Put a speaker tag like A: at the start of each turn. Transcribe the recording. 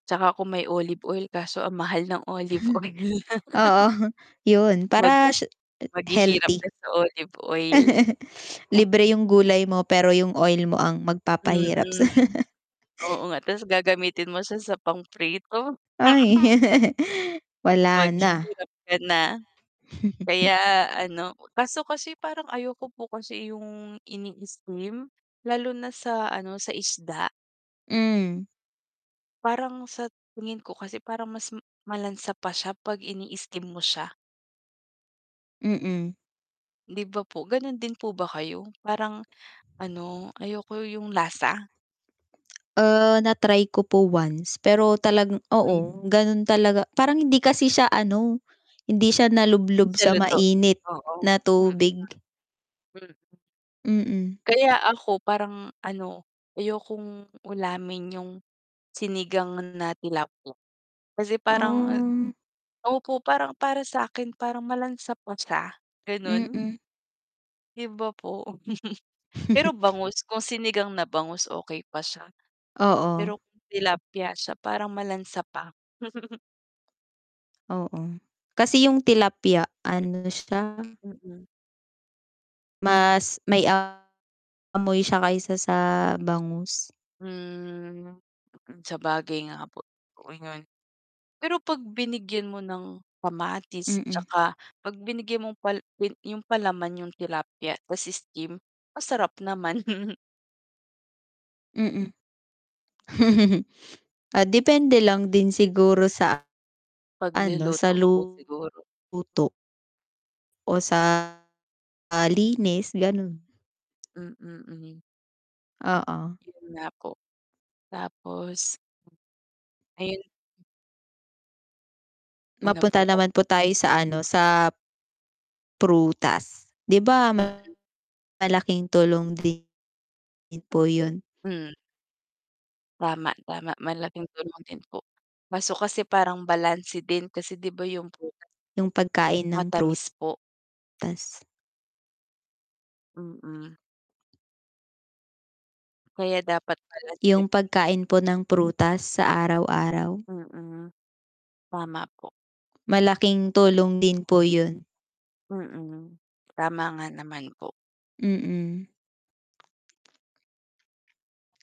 A: 'Tsaka kung may olive oil, kaso ang mahal ng olive oil.
B: Oo, yun
A: Mag
B: para siya a
A: maghihirap ka
B: healthy.
A: sa olive oil.
B: Libre yung gulay mo pero yung oil mo ang magpapahirap sa'yo.
A: Mm. Oo nga tapos gagamitin mo siya sa pang-prito.
B: Ay, wala na.
A: Maghirap ka na. Kaya ano, kaso kasi parang ayoko po kasi yung ini-steam, lalo na sa ano, sa isda.
B: Mhm.
A: Parang sa tingin ko kasi parang mas m malansa pa siya pag ini-steam mo siya.
B: Mm.
A: 'Di ba po? Gano'n din po ba kayo? Parang ano, ayoko yung lasa.
B: Ah, na-try ko po once, pero talagang
A: Hmm.
B: oo, ganun talaga, parang hindi kasi siya ano, hindi siya
A: 'Di
B: nalublob
A: siya
B: sa
A: luto,
B: mainit na
A: mm.
B: tubig.
A: Mm.
B: Mm.
A: Kaya ako parang ano, ayokong ulamin yung sinigang na tilapia kasi parang
B: Oh.
A: opo, parang para sa'kin parang malansa pa siya, ganun.
B: Mm.
A: 'Di ba po? Pero bangus, kung sinigang na bangus okey pa siya
B: Oo.
A: pero kung tilapia siya parang malansa pa.
B: Oo. Kasi yung tilapia ano siya
A: Mm.
B: mas may, amoy siya kaysa sa bangus.
A: Hmm, mm, sabagay nga po, okey nga yun. Pero 'pag binigyan mo ng kamatis,
B: Mm.
A: 'tsaka 'pag binigyan mo pal pel yung palaman yung tilapya, ta's steam, masarap naman.
B: Mm. Ah, depende lang din siguro sa ano, sa
A: Pagluluto po
B: luto.
A: siguro.
B: O sa, ah, linis, ganun.
A: Mm, hmm.
B: Oo.
A: Yun nga po, tapos Ayun Ano
B: Mapunta
A: po?
B: naman po tayo sa ano, sa p prutas 'di ba,
A: Mm.
B: malaking tulong din po yun?
A: Hmm. Tama, tama malaking tulong din po, kaso kasi parang balanse din kasi 'di ba yung prutas
B: Yung pagkain ng prut
A: matamis po.
B: tas.
A: Mm. Kaya dapat balanse rin.
B: Yung pagkain po ng prutas sa araw-araw.
A: Mm, tama po.
B: Malaking tulong din po yun.
A: Mm, tama nga naman po.
B: Mm.